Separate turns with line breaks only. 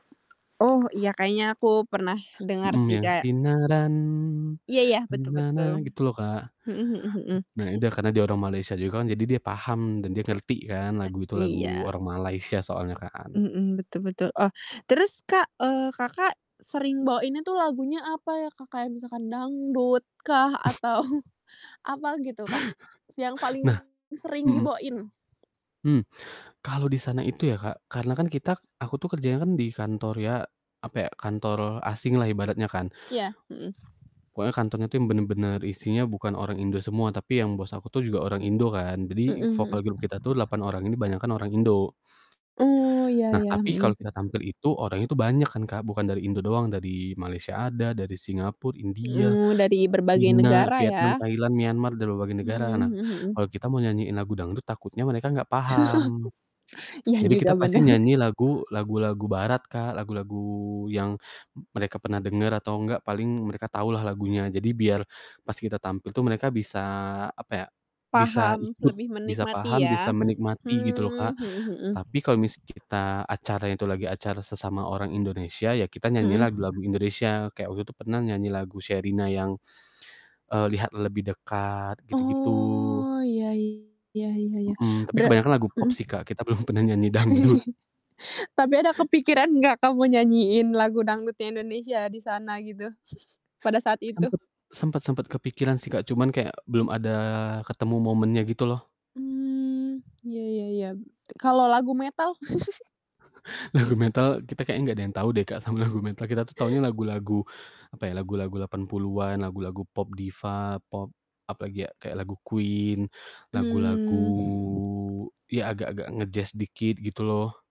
Oh, iya, kayaknya aku pernah dengar
Mhm,
sih,
yang,
kayak
"Sinaran."
Iya iya, betul betul,
Gitu loh, Kak.
mhm mhm mhm.
B nah, ya udah, karena dia orang Malaysia juga kan, jadi dia paham dan dia ngerti kan
Ah
lagu itu
iya.
lagu orang Malaysia soalnya kan.
Mmm, betul betul. Oh, terus, Kak, eee, Kakak sering bawainnya tuh lagunya apa ya, Kak? Kayak misalkan dangdut kah, atau apa gitu, Kak, s yang paling
Nah
sering
mhm.
dibawain?
Mmm. Kalau di sana itu ya, Kak, karena kan kita aku tuh kerjanya kan di kantor, ya, apa ya, kantor asing lah ibaratnya kan.
Iya, mhm.
Pokoknya kantornya tuh bener-bener isinya bukan orang Indo semua, tapi yang bos aku tuh juga orang Indo kan.
Mhm
Jadi vokal
mhm.
group kita tuh 8 orang ini banyakan orang Indo.
Oh, ya
Nah,
ya,
tapi kalau
mhm.
kita tampil itu, orangnya tuh banyak kan, Kak, bukan dari Indo doang, dari Malaysia ada, dari Singapore, India,
Mmm, dari berbagai
Cina,
negara
Vietnam,
ya?
Thailand, Myanmar, dan berbagai
Hmm,
negara. Nah,
mhm mhm.
kalau kita mau nyanyiin lagu dangdut, takutnya mereka enggak paham.
Iya
Jadi
juga,
kita pasti
bener.
nyanyi lagu lagu-lagu barat, Kak, lagu-lagu yang mereka pernah denger atau enggak paling mereka tahu lah lagunya, jadi biar pas kita tampil tuh mereka bisa, apa ya, bisa
Paham,
ikut,
lebih
bisa
menikmati
paham,
ya?
bisa menikmati, gitu loh,
Hmm,
Kak.
mhm mhm.
Tapi kalau misalnya kita acara itu lagi acara sesama orang Indonesia, ya kita nyanyi
Mhm.
lagu-lagu Indonesia, kayak waktu itu pernah nyanyi lagu Sherina yang, eee, "Lihat lebih dekat," gitu-gitu.
Oh, iya iya iya iya.
Mhm, tapi
Berat
kebanyakan lagu pop
mhm.
sih, Kak, kita belum pernah nyanyi dangdut.
Tapi ada kepikiran enggak kamu nyanyiin lagu dangdutnya Indonesia di sana gitu, pada saat itu?
Sempet sempet sempet kepikiran sih, Kak, cuman kayak belum ada ketemu momennya gitu loh.
Mmm, iya iya iya. Kalau lagu metal?
Lagu metal kita kayaknya enggak ada yang tau deh, Kak, sama lagu metal, kita tuh taunya lagu-lagu apa ya, lagu-lagu 80-an, lagu-lagu pop diva, pop, apalagi ya, kayak lagu Queen, lagu-lagu
Mmm.
ya agak-agak nge-jazz dikit, gitu loh.